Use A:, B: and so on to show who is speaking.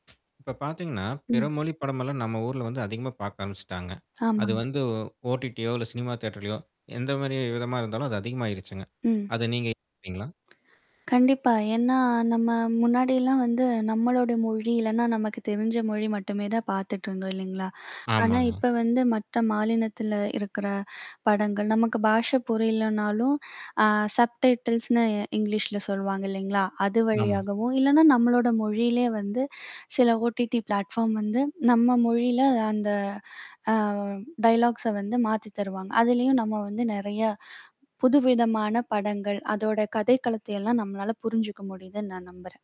A: இப்ப பாத்தீங்கன்னா, பிற
B: ம்.
A: மொழி படமெல்லாம் நம்ம ஊருல வந்து அதிகமா பாக்க ஆரம்பிச்ட்டாங்க. அது
B: ஆமாங்க.
A: வந்து, OTT யோ இல்ல சினிமா தியேட்டர்லையோ, எந்த மாரி விதமா இருந்தாலும் அது அதிகமாயிருச்சுங்க.
B: ம்.
A: அத நீங்க ஏத்துகிறீங்களா?
B: கண்டிப்பா. ஏன்னா, நம்ம முன்னாடிலாம் வந்து, நம்மளோடய மொழி இல்லைனா நமக்கு தெரிஞ்ச மொழி மட்டுமே தான் பாத்துட்டு இருந்தோம், இல்லைங்களா? ஆனா,
A: ஆமாங்க.
B: இப்ப வந்து மற்ற மாநிலத்தில இருக்கிற படங்கள், நமக்கு பாஷை புரியலனாலும் அ சப்டைட்டில்ஸ்ன்னு இங்கிலீஷ்ல சொல்வாங்க, இல்லைங்களா? அது
A: ஆமா.
B: வழியாகவும், இல்லைனா நம்மளோடய மொழியிலேயே வந்து சில OTT பிளாட்ஃபார்ம்ஸ் வந்து நம்ம மொழியில் அந்த அ டயலாக்ஸ வந்து மாத்தி தருவாங்க. அதுலேயும் நம்ம வந்து, நெறைய புதுவிதமான படங்கள், அதோட கதைக்களத்தைலாம், நம்மளால புரிஞ்சுக்க முடியுதுன்னு நான் நம்புறேன்.